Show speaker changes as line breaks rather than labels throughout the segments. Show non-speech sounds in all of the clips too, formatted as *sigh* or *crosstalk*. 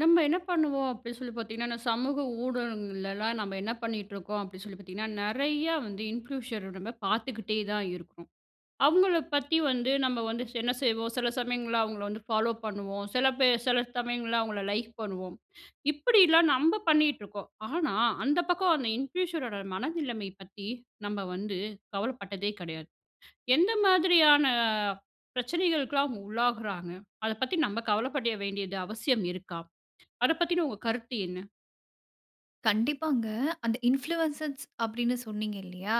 நம்ப என்ன பண்ணுவோம் அப்டீன்னு சொல்லி பாத்தீங்கன்னா, சமூக ஊடகங்கள்லலாம் நம்ப என்ன பண்ணிட்டு இருக்கோம் அப்டீன்னு சொல்லி பாத்தீங்கன்னா, நெறைய வந்து இன்ஃப்ளூயன்சர் பாத்துக்கிட்டே தான் இருக்கோம். அவங்கள பத்தி வந்து நம்ப வந்து என்ன செய்வோம் சில சமயங்கள்ல அவங்கள வந்து ஃபாலோ பண்ணுவோம், சில பேர் சில சமயங்கள்ல அவங்கள லைக் பண்ணுவோம். இப்படிலாம் நம்ம பண்ணிட்டு இருக்கோம். ஆனா, அந்த பக்கம் அந்த இன்ஃப்ளூயன்சரோட மனநிலைமை பத்தி, நம்ப வந்து கவலைப்பட்டதே கிடையாது. எந்த மாதிரியான பிரச்சனைகளுக்கெல்லாம் அவங்க உள்ளாகுறாங்க அத பத்தி நம்ப கவலைப்பட வேண்டியது அவசியம் இருக்கா? அத பத்தின உங்க கருத்து என்ன?
கண்டிப்பாங்க. அந்த இன்ஃப்ளூயன்சர்ஸ் அப்டீன்னு சொன்னீங்க இல்லயா?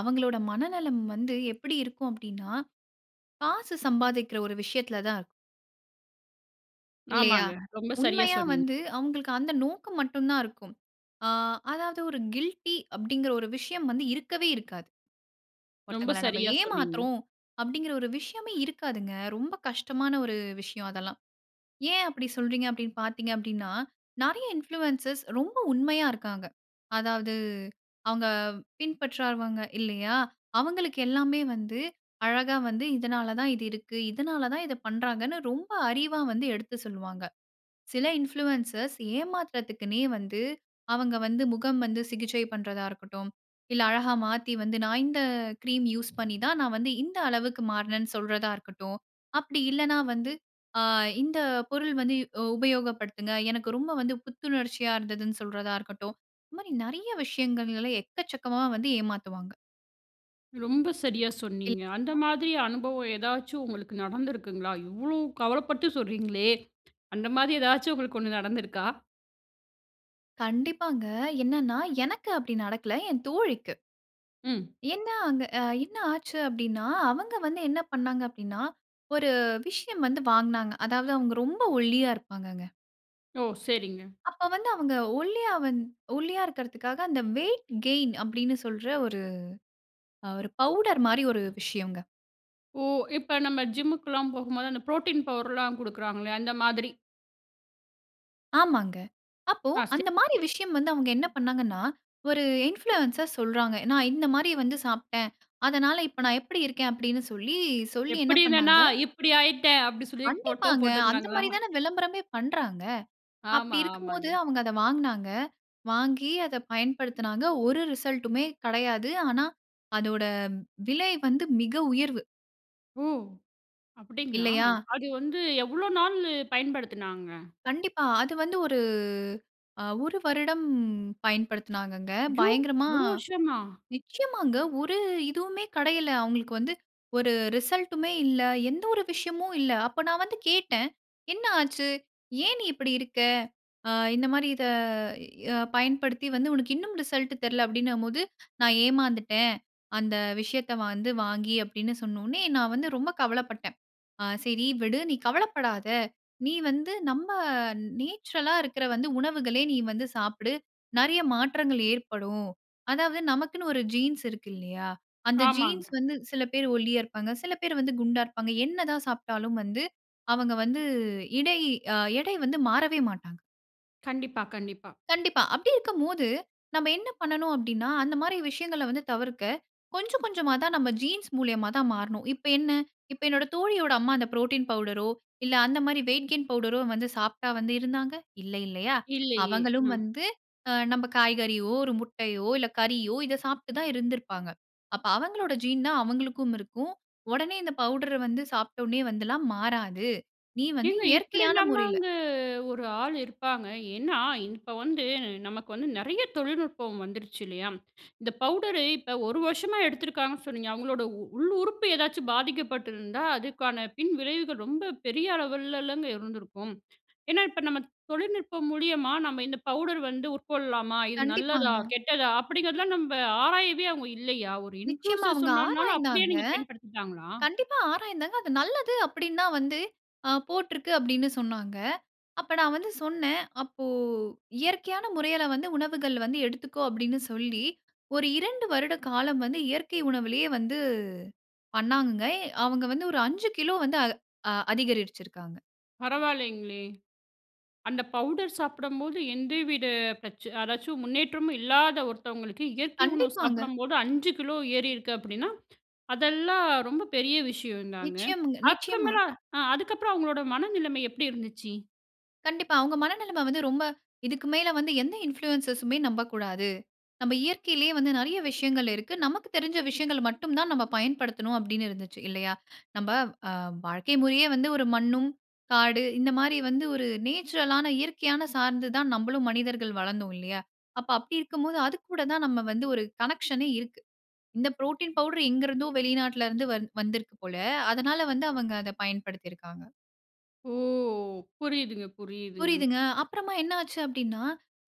அவங்களோட மனநலம் வந்து எப்படி இருக்கும் அப்டீன்னா, காசு சம்பாதிக்குற ஒரு விஷயத்துல தான் இருக்கும் இல்லயா?
ஆமாங்க. ரொம்ப சரியா
உண்மையா
சொன்னீங்.
வந்து அவங்களுக்கு அந்த நோக்கம் மட்டும் தான் இருக்கும். ஆ, அதாவது ஒரு கில்டி அப்டீங்குற ஒரு விஷயம் வந்து இருக்கவே இருக்காது.
ரொம்ப
ஒருத்தங்கள நம்ப
சரியா சொன்னீங்க.
ஏமாத்துறோம் அப்டீங்குற ஒரு விஷயமே இருக்காதுங்க. ரொம்ப கஷ்டமான ஒரு விஷயம் அதெல்லாம். ஏன் அப்படி சொல்றீங்க அப்டீன்னு பாத்தீங்க அப்டீன்னா, நெறைய இன்ஃப்ளூயன்ஸர்ஸ் ரொம்ப உண்மையா இருக்காங்க. அதாவது அவங்க பின்பற்றவங்க இல்லயா? அவங்களுக்கு எல்லாமே வந்து, அழகா வந்து இதனால தான் இது இருக்கு. இதனால தான் இத பண்ணுறாங்கனு ரொம்ப அறிவா வந்து எடுத்து சொல்லுவாங்க. சில இன்ஃப்ளூயன்சர்ஸ் ஏமாத்துறதுக்குனே வந்து, அவங்க வந்து முகம் வந்து சிகிச்சை பண்றதா இருக்கட்டும். இல்ல அழகா மாத்தி வந்து நான் இந்த கிரீம் யூசு பண்ணி தான், நான் வந்து இந்த அளவுக்கு மாறினேன்னு சொல்றதா இருக்கட்டும். அப்படி இல்லன்னா, வந்து ஆ இந்த பொருள் வந்து இ உபயோக படுத்துங்க, எனக்கு ரொம்ப வந்து புத்துணர்ச்சியா இருந்ததுன்னு சொல்றதா இருக்கட்டும். இந்த மாரி நெறைய விஷயங்கள்ல எக்கச்சக்கமா வந்து ஏமாத்துவாங்க.
ரொம்ப சரியா
இல்
சொன்னீங்க. அந்த
அ.
மாதிரி அனுபவம் ஏதாச்சும் உங்களுக்கு நடந்திருக்குங்களா? இவ்ளோ கவலப்பட்டு சொல்றீங்களே, அந்த மாரி ஏதாச்சு உங்களுக்கு ஒண்ணு நடந்திருக்கா?
கண்டிப்பாங்க. என்னன்னா எனக்கு அப்படி நடக்கல, என் தோழிக்கு.
ம்.
ஏன்னா அங்க ஆ என்ன ஆச்சு அப்படினா, அவங்க வந்து என்ன பண்ணாங்க அப்படினா, ஒரு விஷயம் வந்து வாங்னாங்க. அதாவது அவங்க ரொம்ப ஒல்லியா இருப்பாங்கங்க.
ஓ! சரிங்க.
அப்ப வந்து அவங்க ஒல்லியா வந் ஒல்லியா இருக்கிறதுகாக அந்த வெயிட் கெய்ன் அப்படினு சொல்ற ஒரு அ ஒரு பவுடர் மாரி ஒரு விஷயங்க.
ஓ! இப்ப நம்ம ஜிம்‌முக்கெல்லாம் போகும்போது அந்த ப்ரோட்டீன் பவ்டர்லாம் குடுக்குறாங்களே, அந்த மாதிரி.
ஆமாங்க. அப்போ
ஆ ஸ்டே
அந்த மாரி விஷயம் வந்து அவங்க என்ன பண்னாங்கன்னா, ஒரு இன்ஃப்ளூயன்ஸர் சொல்றாங்க. நான் இந்த மாரி வந்து சாப்டேன். அதனால, இப்ப நான் எப்படி இருக்கேன் அப்படினு சொல்லி சொல்லி என்ன
"எப்பிடி இருந்தனா,
பண்ணாங்க.
இப்பிடி ஆயிட்டேன்." அப்படி சொல்லி போட்டோ
கண்டிப்பாங்க. அந்த
போட்டுருந்தாங்களா?
மாரி தான விளம்பரமே பண்றாங்க. அப்படி
ஆமா.
இருக்கும் போது
ஆமாங்க.
அவங்க அத வாங்னாங்க. வாங்கி அத பயன்படுத்தினாங்க. ஒரு ரிசல்ட்டுமே கிடையாது. ஆனா அதோட விலை வந்து மிக உயர்வு.
ஓ! அப்படிங்களா!
இல்லையா?
அது வந்து எவ்ளோ நாளு பயன்படுத்தினாங்க.
கண்டிப்பா. அது வந்து ஒரு அ ஒரு வருடம் பயன்படுத்தினாங்கங்க.
ஐயோ!
பயங்கரமா
1 வருஷமா?
நிச்சயமாங்க. ஒரு இதுவுமே கிடைக்கல. அவுங்களுக்கு வந்து ஒரு ரிசல்ட்டுமே இல்ல. எந்த ஒரு விஷயமும் இல்ல. அப்ப நான் வந்து கேட்டேன். என்ன ஆச்சு? ஏன் நீ இப்பிடி இருக்க? ஆ இந்தமாரி இத அ பயன்படுத்தி வந்து உனக்கு இன்னும் ரிசல்ட்டு தெரில அப்பிடின்னும்போது, "நான் ஏமாந்துட்டேன். அந்த விஷயத்த வந்து வாங்கி" அப்பிடின்னு சொன்னவுனே நான் வந்து ரொம்ப கவலைப்பட்டேன். ஆ சரி விடு! நீ கவலைப்படாதே! நீ வந்து நம்ப நேச்சுரலா இருக்கிற வந்து உணவுகளே நீ வந்து சாப்பிடு. நிறைய மாற்றங்கள் ஏற்படும். அதாவது நமக்குன்னு ஒரு ஜீன்ஸ் இருக்கு இல்லயா! அந்த
ஆமாங்க.
ஜீன்ஸ் வந்து சில பேரு ஒல்லியா இருப்பாங்க. சில பேர் வந்து குண்டா இருப்பாங்க. என்ன தான் சாப்ட்டாலும் வந்து அவங்க வந்து இடை அ எடை வந்து மாறவே மாட்டாங்க.
கண்டிப்பா, கண்டிப்பா.
கண்டிப்பா. அப்படி இருக்கம்போது, நம்ம என்ன பண்ணணும் அப்பிடின்னா, அந்தமாரி விஷயங்கள வந்து தவிர்க்க கொஞ்சம் கொஞ்சமா தான் நாம் ஜீன்ஸ் மூலியமா தான் மாறணும். இப்ப என்ன? இப்ப என்னோட தோழியோட அம்மா அந்த புரோட்டீன் பவுடரோ! இல்ல அந்தமாரி வெயிட் கெயின் பவுடரோ வந்து சாப்பிட்டா வந்து இருந்தாங்க! இல்லை, இல்லயா!
இல்லயே!
அவங்களும்
அ.
வந்து அ நம்ம காய்கறியோ! ஒரு முட்டையோ! இல்ல கறியோ! இத சாப்ட்டு தான் இருந்துருப்பாங்க. அப்ப அவங்களோட ஜீன் தான் அவங்களுக்கும் இருக்கும். உடனே இந்த பவுடர வந்து சாப்பிட்டோனே வந்துலாம் மாறாது. நீ வந்து
ஏங்க
இயற்கையான முறையில.
இப்பிடிலாமாங்க ஒரு ஆளு இருப்பாங்க. ஏன்னா, இப்ப வந்து நமக்கு வந்து நிறையா தொழில்நுட்பம் வந்துருச்சு இல்லயா! இந்த பவுடரு இப்ப 1 வருஷமா எடுத்துருக்காங்கன்னு சொன்னீங்க. அவுங்களோட உள் உறுப்பு ஏதாச்சும் பாதிக்கப்பட்டிருந்தா, அதுக்கான பின்விளைவுகள் ரொம்ப பெரிய அளவிலங்க இருந்திருக்கும். ஏன்னா, இப்ப நம்ம தொழில்நுட்பம் மூலியமா நம்ம இந்த பவுடர் வந்து உட்கொள்ளலாமா? இது நல்லதா!
கண்டிப்பாங்க.
கெட்டதா! அப்பிடிங்கிறதலாம் நம்ம ஆராயவே அவுங்க இல்லயா? ஒரு
நிச்சயமா
இன்ஃப்ளூயன்சர்
அவுங்க
சொன்னனால அப்பிடியே
ஆராய்ந்தாங்க.
நீங்க பயன்படுத்திட்டாங்களா?
கண்டிப்பா ஆராய்ந்தாங்க. அது நல்லது அப்பிடின்னுதான் வந்து அ போட்டுருக்கு. அப்படின்னு சொன்னாங்க. அப்ப நான் வந்து சொன்னேன். அப்போ இயற்கையான முறையில வந்து உணவுகள் வந்து எடுத்துக்கோ! அப்பிடின்னு சொல்லி, ஒரு 2 வருட காலம் வந்து இயற்கை உணவிலே வந்து பண்ணாங்கங்க. அவுங்க வந்து ஒரு 5 கிலோ வந்து அ அதிகரிச்சிருக்காங்க.
பரவாயில்லைங்களே! அந்த பவுடர் சாப்படம்போது எந்தவித பிரச்ன ஏதாச்சும் முன்னேற்றமும் இல்லாத ஒருத்தவங்களுக்கு இயற்கை உணவு
கண்டிப்பாங்க.
சாப்பிடும்போது 5 கிலோ ஏறிருக்கு அப்டின்னா, அதெல்லாம் ரொம்ப பெரிய விஷயந்தாங்க.
நிச்சயமுங்க நிச்சயமா.
அப்றமேலா ஆ அதுக்கப்றம் அவங்களோட மனநிலம எப்டி இருந்துச்சு?
கண்டிப்பா, அவங்க மன நிலமை வந்து, ரொம்ப இதுக்கு மேல வந்து எந்த இன்ஃப்ளூயன்ஸர் சுமே நம்பக்கூடாது. நம்ம இயற்கையிலயே வந்து நிறைய விஷயங்கள் இருக்கு. நமக்கு தெரிஞ்ச விஷயங்கள் மட்டும் தான் நம்ம பயன்படுத்தனும், அப்டின்னு இருந்துச்சு இல்லையா? *inhales* நம்ம அ வாழ்க்கை முறையே வந்து ஒரு மண்ணும், காடு இந்த மாரி வந்து ஒரு நேச்சுரல் ஆன இயற்கையான சார்ந்து தான் நம்மளும் மனிதர்கள் வளந்தோம் இல்லையா? அப்ப அப்டி இருக்கும் போது அது கூட தான் நம்ம வந்து ஒரு கனெக்ஷனே இருக்கு. இந்த ப்ரோட்டின் பவுடர் எங்க இருந்தோ வெளிநாட்ல இருந்து வந் வந்துருக்கு போல, அதனால வந்து அவங்க அத பயன்படுத்திருக்காங்க.
ஓ! புரியுதுங்க, புரியுதுங்க.
புரியுதுங்க, அப்பறமா என்ன ஆச்சு அப்டின்னா,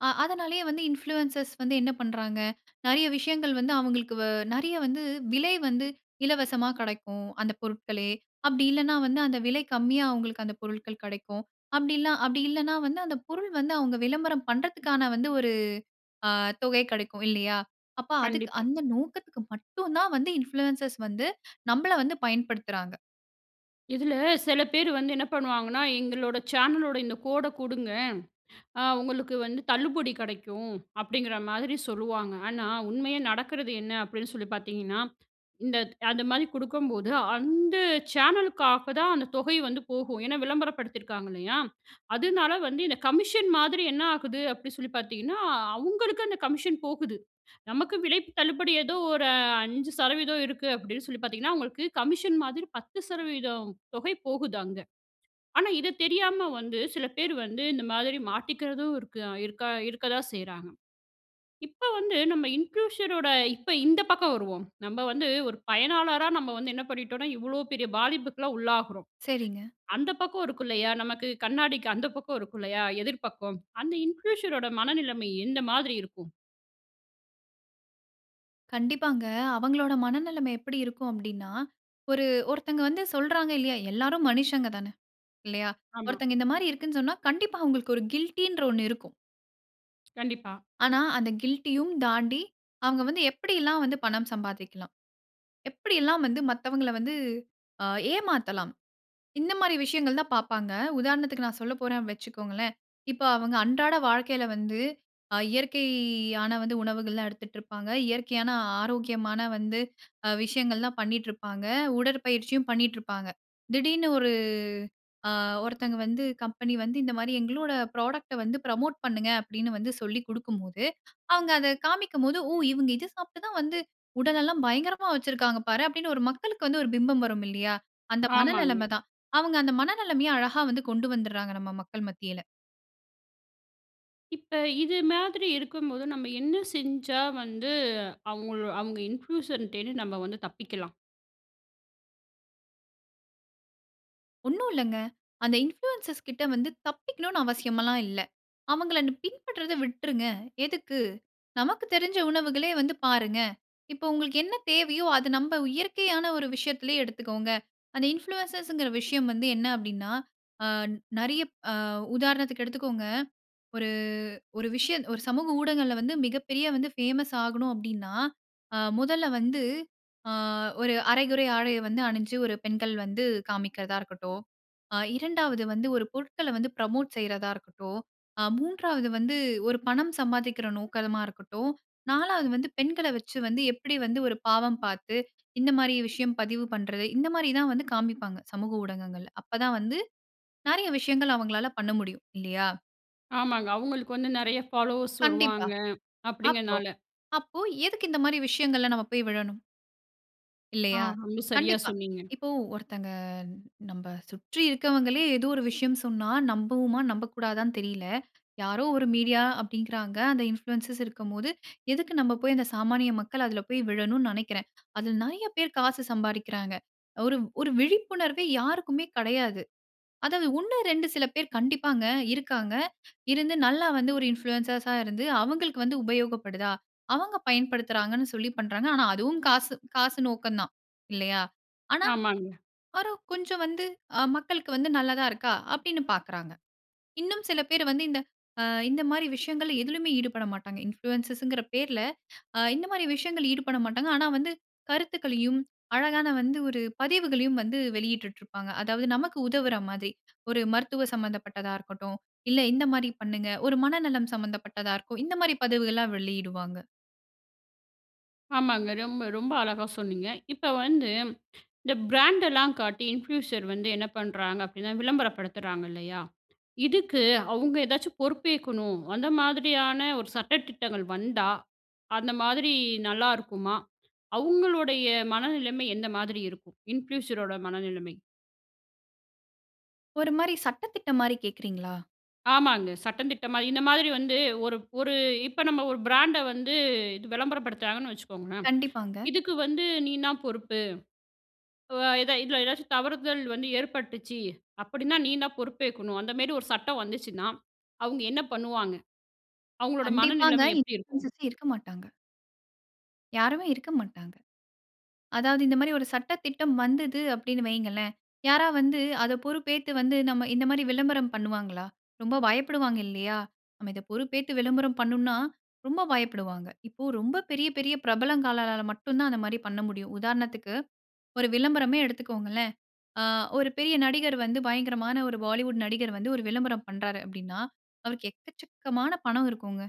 அ அதனாலேயே வந்து இன்ஃப்ளூயன்ஸர்ஸ் வந்து என்ன பண்றாங்க? நிறைய விஷயங்கள் வந்து, அவங்களுக்கு வ நிறைய வந்து விலை வந்து இலவசமா கெடைக்கும், அந்த பொருட்களே. அப்டி இல்லனா வந்து அந்த விலை கம்மியா அவங்களுக்கு அந்த பொருட்கள் கிடைக்கும். அப்டிலாம் அப்டி இல்லனா வந்து, அந்த பொருள் வந்து அவுங்க விளம்பரம் பண்றதுக்கான வந்து ஒரு அ தொகை கெடைக்கும் இல்லையா? அப்ப அதுக்கு
கண்டிப்பா.
அந்த நோக்கத்துக்கு மட்டும் தான் வந்து இன்ஃப்ளூயன்ஸர்ஸ் வந்து, நம்மள வந்து பயன்படுத்துறாங்க.
இதில சில பேர் வந்து என்ன பண்ணுவாங்கன்னா. "எங்களோட சேனலோட இந்த கோட குடுங்க. அ உங்களுக்கு வந்து தள்ளுபடி கடைக்கும்." அப்படிங்கிற மாதிரி சொல்லுவாங்க. ஆனா, உண்மையா நடக்கிறது என்ன அப்படின்னு சொல்லி பார்த்தீங்கன்னா. இந்தத் அந்த மாரி குடுக்கும்போது அந்த சேனலுக்காக தான் அந்த தொகை வந்து போகும். ஏன்னா, விளம்பரப்படுத்தியிருக்காங்க இல்லையா. அதனால வந்து இந்த கமிஷன் மாதிரி என்ன ஆகுது அப்படி சொல்லி பார்த்தீங்கன்னா, அவங்களுக்கு அந்த கமிஷன் போகுது. நமக்கு விலை தள்ளுபடி ஏதோ ஒரு 5 % இருக்கு அப்படினு சொல்லி பார்த்தீங்கன்னா, அவங்களுக்கு கமிஷன் மாதிரி 10 % தொகை போகுது அங்க. ஆனா, இத தெரியாம வந்து, சில பேர் வந்து இந்த மாதிரி மாட்டிக்கிறதும் இருக்கு அ இருக்கா இருக்கதான் செய்றாங்க. இப்ப வந்து நம்ம இன்ஃப்ளூயன்சர் ஓட இப்ப இந்த பக்கம் வருவோம். நம்ம வந்து ஒரு பயனாளரா நம்ம வந்து என்ன பண்ணிட்டோன்னா இவ்வளவு பெரிய பாதிப்புக்குள்ள உள்ளாகுறோம்.
சரிங்க.
*inhales* அந்த பக்கம் இருக்கோ இல்லையா? நமக்கு கண்ணாடிக்கு அந்த பக்கம் இருக்கும் இல்லையா? எதிர் பக்கம் அந்த இன்ஃப்ளூயன்சர் ஓட மனநிலைமை எந்த மாதிரி இருக்கும்.
கண்டிப்பாங்க. அவங்களோட மனநிலைமை எப்படி இருக்கும் அப்டின்னா, ஒரு ஒருத்தவங்க வந்து சொல்றாங்க இல்லையா? எல்லாரும் மனிஷங்க தான இல்லையா?
ஆமா.
ஒருத்தங்க இந்த மாரி இருக்குன்னு சொன்னா கண்டிப்பா அவங்களுக்கு ஒரு கில்டின்ற ஒண்ணு இருக்கும்.
கண்டிப்பா.
ஆனா, அந்த கில்டியும் தாண்டி, அவுங்க வந்து எப்பிடி எல்லாம் வந்து பணம் சம்பாதிக்கலாம். எப்பிடி எல்லாம் வந்து மத்தவங்கல வந்து ஆ ஏமாத்தலாம். இந்த மாதிரி விஷயங்கள் தான் பாப்பாங்க. உதாரணத்துக்கு நான் சொல்ல போறேன்னு வச்சிக்கோங்களேன், இப்ப அவங்க அன்றாட வாழ்க்கையில வந்து ஆ இயற்கையான உணவுகள் எல்லாம் எடுத்துட்டு இருப்பாங்க. இயற்கையான ஆரோக்கியமான வந்து *inhales* அ விஷயங்கள் எல்லாம் பண்ணிக்கிட்டு இருப்பாங்க. உடற்பயிற்சியும் பண்ணிட்டு இருப்பாங்க. திடீரென்று ஒரு ஆ ஒருத்தங்க கம்பெனி வந்து இந்த மாதிரி எங்களோட ப்ராடக்ட வந்து புரமோட் பண்ணுங்க அப்பிடீன்னு, வந்து சொல்லி குடுக்கும் போது *inhales* அவுங்க அத காண்பிக்கும் போது ஓ! இவுங்க இத சாப்பிட்டு தான் வந்து உடல் எல்லாம் பயங்கரமா வைச்சி இருக்காங்க பாரு, அப்பிடின்னு ஒரு மக்களுக்கு வந்து ஒரு பிம்பம் வரும் இல்லயா! அந்த மன
ஆமாங்க.
நிலைம தான். அவுங்க அந்த மன நிலைமைய அழகா வந்து கொண்டு வந்துர்றாங்க. நம்ம மக்கள் மத்தியில.
இப்ப இது மாதிரி இருக்கும்போது நம்ப என்ன செஞ்சா வந்து அவுங்களோ அவங்க இன்ஃப்ளூயன்சர்டயிருந்து நம்ப வந்து தப்பிக்கலாம்.
ஒன்னும் இல்லங்க. அந்த இன்ஃப்ளூயன்சர்ஸ் கிட்ட வந்து தப்பிக்கணும் அவசியம் எல்லாம் இல்ல. அவுங்கள நிப் பின்பற்றத விட்டுருங்க. எதுக்கு நமக்கு தெரிஞ்ச உணவுகளே வந்து பாருங்க. இப்போ, உங்களுக்கு என்ன தேவையோ அத நம்ப இயற்கையான ஒரு விஷயத்துலேயே எடுத்துக்கோங்க. அந்த இன்ஃப்ளூயன்ஸ்ங்கிற விஷயம் வந்து என்ன அப்டீன்னா, ஆ நெறைய அ உதாரணத்துக்கு எடுத்துக்கோங்க. ஒரு, ஒரு விஷய ஒரு சமூக ஊடகங்கள்ல வந்து மிக பெரிய ஃபேமஸ் ஆகணும் அப்டீன்னா, ஆ மொதல வந்து அ ஒரு அரைகுறை ஆடை வந்து அணிஞ்சு ஒரு பெண்கள் வந்து காமிக்குறதா இருக்கட்டும், ஆ 2வது வந்து ஒரு பொருட்கள வந்து ப்ரமோட் செய்றதா இருக்கட்டும், ஆ 3வது வந்து ஒரு பணம் சம்பாதிக்கிற நோக்கமா இருக்கட்டும், 4வது வந்து பெண்கள வச்சு வந்து எப்பிடி வந்து ஒரு பாவம் பாத்து, இந்த மாதிரி விஷயம் பதிவு பண்ணுறது, இந்தமாரி தான் வந்து காமிப்பாங்க. சமூக ஊடகங்கள்ல. அப்ப தான் வந்து நெறைய விஷயங்கள் அவங்களால பண்ண முடியும் இல்லயா?
ஆமாங்க. அவுங்களுக்கு வந்து நெறைய ஃபாலோவர்ஸ்
கண்டிப்பா.
வருவாங்க.
அப்போ
அப்டிங்கிறனால.
அப்போ எதுக்கு இந்தமாரி விஷயங்கள்ல நம்ம போய் விழணும்?
ஆ.
இல்லையா!
ரொம்ப சரியா
கண்டிப்பா.
சொன்னீங்க.
இப்போ ஒருத்தங்க நம்ப சுற்றி இருக்கவங்களே! ஏதோ ஒரு விஷயம் சொன்னா, நம்புவோமா! நம்பக்கூடாதான்னு தெரில. யாரோ ஒரு மீடியா அப்டிங்கிறாங்க. அந்த இன்ஃப்ளுசன்ஸ் இருக்கும்போது, எதுக்கு நம்ப போய் அந்த சாமானிய மக்கள் அதில போய் விழணுனு நெனைக்கிறேன்அதில நெறைய பேர் காசு சம்பாரிக்கிறாங்க. ஒரு ஒரு விழிப்புணர்வே யாருக்குமே கடையாது. அதாவது ஒண்ணு 2 சில பேர் கண்டிப்பாங்க இருக்காங்க. இருந்து நல்லா வந்து ஒரு இன்ஃப்ளூயன்சஸ்ஸா இருந்து, அவுங்களுக்கு வந்து உபயோகப்படுதா? அவங்க பயன்படுத்துகிறாங்கன்னு சொல்லி பண்றாங்க. ஆனா, அதுவும் காசு காசு நோக்கம் தான். இல்லயா! ஆனா,
ஆமாங்க.
பாரு கொஞ்சம் வந்து அ மக்களுக்கு வந்து நல்லதா இருக்கா! அப்டின்னு பார்க்குறாங்க. இன்னும் சில பேரு வந்து இந்த ஆ இந்தமாரி விஷயங்கள்ல எதிலுமே ஈடுபட மாட்டாங்க. இன்ஃப்ளூயன்சஸ்ங்கிற பேர்ல அ இந்தமாரி விஷயங்கள் ஈடுபட மாட்டாங்க. ஆனா, வந்து கருத்துக்களையும் அழகான வந்து ஒரு பதிவுகளையும் வந்து வெளியிட்டு இருப்பாங்க. அதாவது நமக்கு உதவுறமாரி. ஒரு மருத்துவ சம்மந்தப்பட்டதா இருக்கட்டும். இல்ல இந்தமாரி பண்ணுங்க. ஒரு மனநலம் சம்மந்தப்பட்டதா இருக்கும். இந்தமாரி பதவுகள்லாம் வெளியிடுவாங்க.
ஆமாங்க. ரொம்ப ரொம்ப அழகா சொன்னீங்க. இப்ப வந்து, இந்த பிராண்டெல்லாம் காட்டி இன்ஃப்யூசர் வந்து என்ன பண்றாங்க அப்படின்னா, விளம்பரப்படுத்துறாங்க இல்லையா? இதுக்கு அவங்க ஏதாச்சும் பொறுப்பேற்கணும். அந்த மாதிரியான ஒரு சட்ட திட்டங்கள் வந்தா, அந்த மாதிரி நல்லாருக்குமா? அவங்களுடைய மனநிலைமை எந்த மாதிரி இருக்கும்? இன்ஃப்யூஷரோட மனநிலைமை.
ஒரு மாரி, சட்ட திட்டம் மாரி கேக்குறீங்களா?
ஆமாங்க. சட்டந்திட்டமா. இந்த மாதிரி வந்து, ஒரு ஒரு இப்ப நம்ம ஒரு பிராண்ட வந்து, இது விளம்பரப்படுத்துறாங்கன்னு வச்சுக்கோங்களே.
கண்டிப்பாங்க.
இதுக்கு வந்து நீந்தான் பொறுப்பு. அ எதா இதுல ஏதாச்சும் தவறுதல் வந்து ஏற்பட்டுச்சு அப்படின்னா, நீந்தான் பொறுப்பேக்கணும். அந்த மாதிரி ஒரு சட்டம் வந்துச்சுன்னா, அவங்க என்ன பண்ணுவாங்க? அவங்களோட
கண்டிப்பாங்க.
மனநிலைமை எப்படி இருக்கும்?
இன்ஃப்ளுஸர்ஸே இருக்கமாட்டாங்க. யாருமே இருக்கமாட்டாங்க. அதாவது இந்த மாரி, ஒரு சட்ட திட்டம் வந்தது அப்படினு வைங்களேன். யாரா வந்து, அத பொறுப்பேத்து வந்து, நம்ம இந்த மாரி விளம்பரம் பண்ணுவாங்களா? ரொம்ப பயப்படுவாங்க இல்லையா? நம்ம இத, பொறுப்பேத்து விளம்பரம் பண்ணுனா ரொம்ப பயப்படுவாங்க. இப்ப, ரொம்ப பெரிய பெரிய பிரபலங்களால மட்டும் தான், அந்த மாரி பண்ண முடியும். உதாரணத்துக்கு, ஒரு விளம்பரமே எடுத்துக்கோங்களேன். ஆ ஒரு பெரிய நடிகர் வந்து, பயங்கரமான ஒரு பாலிவுட் நடிகர் வந்து, ஒரு விளம்பரம் பண்றாரு அப்படினா, அவருக்கு எக்கச்சக்கமான பணம் இருக்குங்க.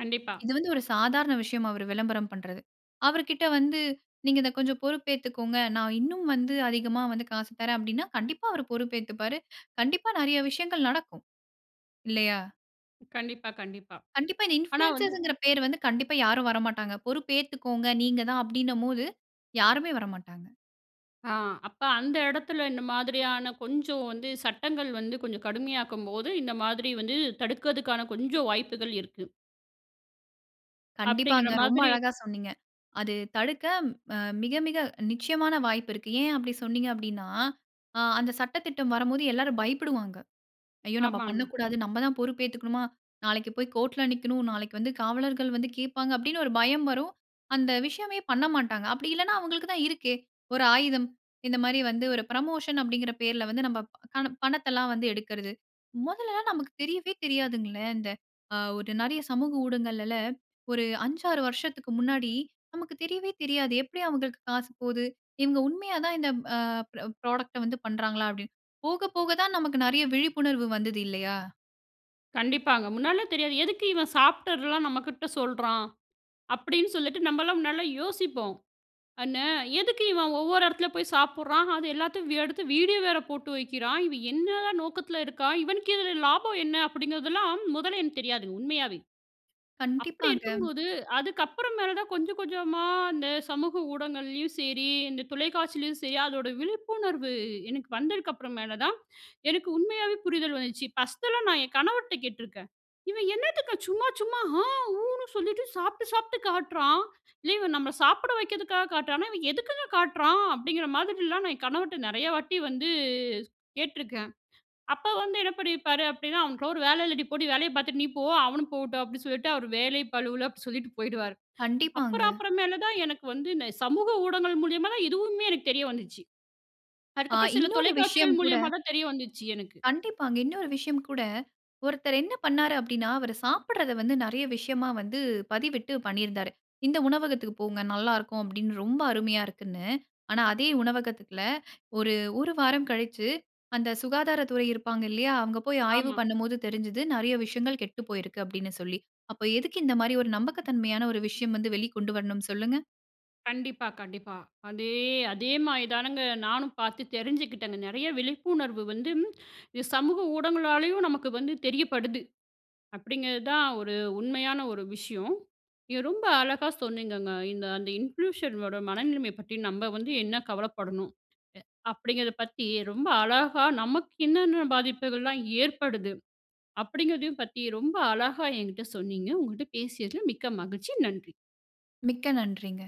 கண்டிப்பா.
இது வந்து ஒரு சாதாரண விஷயமா. அவரு விளம்பரம் பண்றது. அவருக்கிட்ட வந்து நீங்க இத கொஞ்சம் பொறுப்பு ஏத்துக்கோங்க. நான் இன்னும் வந்து அதிகமா வந்து காசு தரேன் அப்பிடின்னா, கண்டிப்பா அவரு பொறுப்பு ஏத்துப்பாரு. *inhales* கண்டிப்பா நிறைய விஷயங்கள் நடக்கும். இல்லயா?
கண்டிப்பா, கண்டிப்பா.
கண்டிப்பா இந்த
ஆனா வந்து,
இன்ஃப்ளுன்சியர்ஸ்ங்கிற பேரு வந்து கண்டிப்பா யாரும் வரமாட்டாங்க. பொறுப்ப ஏத்துக்கோங்க. நீங்க தான் அப்பிடினம்போது, யாருமே வரமாட்டாங்க.
ஆ, அப்ப அந்த இடத்தில இந்த மாதிரியான கொஞ்சம் வந்து சட்டங்கள் வந்து கொஞ்சம் கடுமையாக்கும்போது, இந்த மாதிரி வந்து தடுக்கறதுக்கான கொஞ்சம் வாய்ப்புகள் இருக்கு. அப்பிடிங்கிற
கண்டிப்பாங்க. ரொம்ப
மாதிரி,
அழகா சொன்னீங்க. அது தடுக்க அ மிக மிக நிச்சயமான வாய்ப்பு இருக்கு. ஏன் அப்பிடி சொன்னீங்க அப்பிடின்னா, ஆ அந்த சட்ட திட்டம் வரும்போது எல்லாரும் பயப்படுவாங்க. "ஐயோ! நம்ம
ஆமாங்க.
பண்ணக்கூடாது. நம்மதான் பொறுப்பு ஏத்துக்கணுமா! நாளைக்கு போய் கோர்ட்‌ல் நிக்கணும். நாளைக்கு வந்து காவலர்கள் வந்து கேப்பாங்க," அப்பிடின்னு ஒரு பயம் வரும். அந்த விஷயமே பண்ண மாட்டாங்க. அப்பிடி இல்லன்னா, அவுங்களுக்கு தான் இருக்கே! ஒரு ஆயுதம் இந்தமாரி வந்து ஒரு ப்ரமோஷன் அப்பிடிங்கிற பேர்ல வந்து நமக்கான பணத்தல்லாம் வந்து எடுக்கிறது. மொதல நமக்கு தெரியவே தெரியாதுங்களே, இந்த அ ஒரு நிறைய சமூக ஊடகங்களுல ஒரு 5 6 வருஷத்துக்கு முன்னாடி நமக்கு தெரியவே தெரியாது. எப்பிடி அவுங்களுக்கு காசு போது? இவுங்க உண்மையா தான் இந்த அ ப்ராடக்ட்‌ட வந்து பண்றாங்களா? அப்பிடின்னு. போக போக தான் நமக்கு நிறைய விழிப்புணர்வு வந்தது இல்லயா!
கண்டிப்பாங்க. முன்னாடிலாம் தெரியாது, "எதுக்கு இவன் சாப்ட்டதுலாம் நம்ம கிட்ட சொல்றான்?" அப்படின்னு சொல்லிட்டு நம்பலாம் முன்னாடில்லாம் யோசிப்போம். ஆனா "எதுக்கு இவன் ஒவ்வொரு எடத்துல போய் சாப்பிடுறான்? அது எல்லாத்தையும் வ் எடுத்து வீடியோ வேற போட்டு வைக்கிறான்! இவன் என்னதான் நோக்கத்ல இருக்கான்? இவனுக்கு இதில லாபம் என்ன?" அப்படிங்கிறதெல்லாம் முதல்ல எனக்கு தெரியாதுங்க, உண்மையாவே. அப்படி
கண்டிப்பாங்க.
இருக்கும்போது, அதுக்கு அப்புறம் மேல தான் கொஞ்சம் கொஞ்சமா இந்த சமூக ஊடகங்கள்லயும் செரி, இந்த தொலைக்காட்சிலயும் சரி அதோட விழிப்புணர்வு எனக்கு வந்ததற்கு அப்றமேல தான் எனக்கு உண்மையாவே புரிதல் வந்துச்சி. ஃபர்ஸ்ட்டெலாம் நான் என் கணவர்ட கேட்ருக்கேன். "இவன் என்னத்துக்குங்க சும்மா சும்மா ஆ ஊனு சொல்லிட்டு சாப்ட்டு சாப்ட்டு காட்றான். இல்ல இவன் நம்மல சாப்பிட வைக்கிறதுக்காக காட்டுறானா? இவன் எதுக்குங்க காட்டுறான்?" அப்படிங்கிற மாதிரிலாம் நான் என் கணவர்ட்ட நெறைய வாட்டி வந்து கேட்ருக்கேன். அப்ப வந்து என்ன பண்ணிருப்பாரு அப்டின்னா "அவனுக்கெல்லாம் ஒரு வேல இல்லடி போடி, வேலய பாத்துட்டு நீ போ, அவனும் போகட்டும்" அப்படின்னு சொல்லிட்டு அவரு வேலை பளுவுல அப்டி சொல்லிட்டு போயிடுவாரு. *inhales* அப்பற
கண்டிப்பாங்க.
அப்பறமேல தான் எனக்கு வந்து, இந்த சமூக ஊடகங்கள் மூலியமா தான் இதுவுமே எனக்கு தெரிய வந்துச்சி.
ஆ.
அதுக்கப்புறம் சில
இன்னொரு விஷயம்
தொலைக்காட்சிகள்
கூட
மூலியமா தான் தெரிய வந்துச்சி எனக்கு.
கண்டிப்பாங்க. இன்னொரு விஷயம் கூட, ஒருத்தர் என்ன பண்ணாரு அப்டின்னா, அவரு சாப்பிடுறத வந்து நெறைய விஷயமா வந்து பதிவிட்டு பண்ணியிருந்தாரு. "இந்த உணவகத்துக்கு போங்க நல்லாருக்கும்" அப்டின்னு ரொம்ப அருமையா இருக்குன்னு. ஆனா, அதே உணவகத்துல ஒரு 1 வாரம் கழிச்சி அந்த சுகாதாரத்துறை இருப்பாங்க இல்லையா? அவுங்க போய் ஆய்வு
ஆமா.
பண்ணும்போது தெரிஞ்சது, நெறைய விஷயங்கள் கெட்டு போயிருக்கு அப்டின்னு சொல்லி. அப்போ எதுக்கு இந்த மாரி ஒரு நம்பகத்தன்மையற்ற ஒரு விஷயம் வந்து வெளி கொண்டு வரணும் சொல்லுங்க?
கண்டிப்பா கண்டிப்பா. அதே அதே மாதிரி தானங்க நானும் பாத்து தெரிஞ்சுக்கிட்டேனு நிறைய விழிப்புணர்வு வந்து இ சமூக ஊடகங்களாலயும் நமக்கு வந்து தெரியப்படுது, அப்படிங்கிறதுதான் ஒரு உண்மையான ஒரு விஷயம். இத ரொம்ப அழகா சொன்னீங்கங்க. இந்த அந்த இன்ஃப்லூயன்ஸர்ங்களோட மனநிலைமய பத்தி நம்ப வந்து என்ன கவலைப்படணும் எ அப்படிங்கிறத பத்தி ரொம்ப அழகா, நமக்கு என்னென்ன பாதிப்புகள்லாம் ஏற்படுது, அப்படிங்கிறதையும் பத்தி ரொம்ப அழகா என்கிட்ட சொன்னீங்க. உங்கட்ட பேசியதில் மிக்க மகிழ்ச்சி. நன்றி.
மிக்க நன்றிங்க.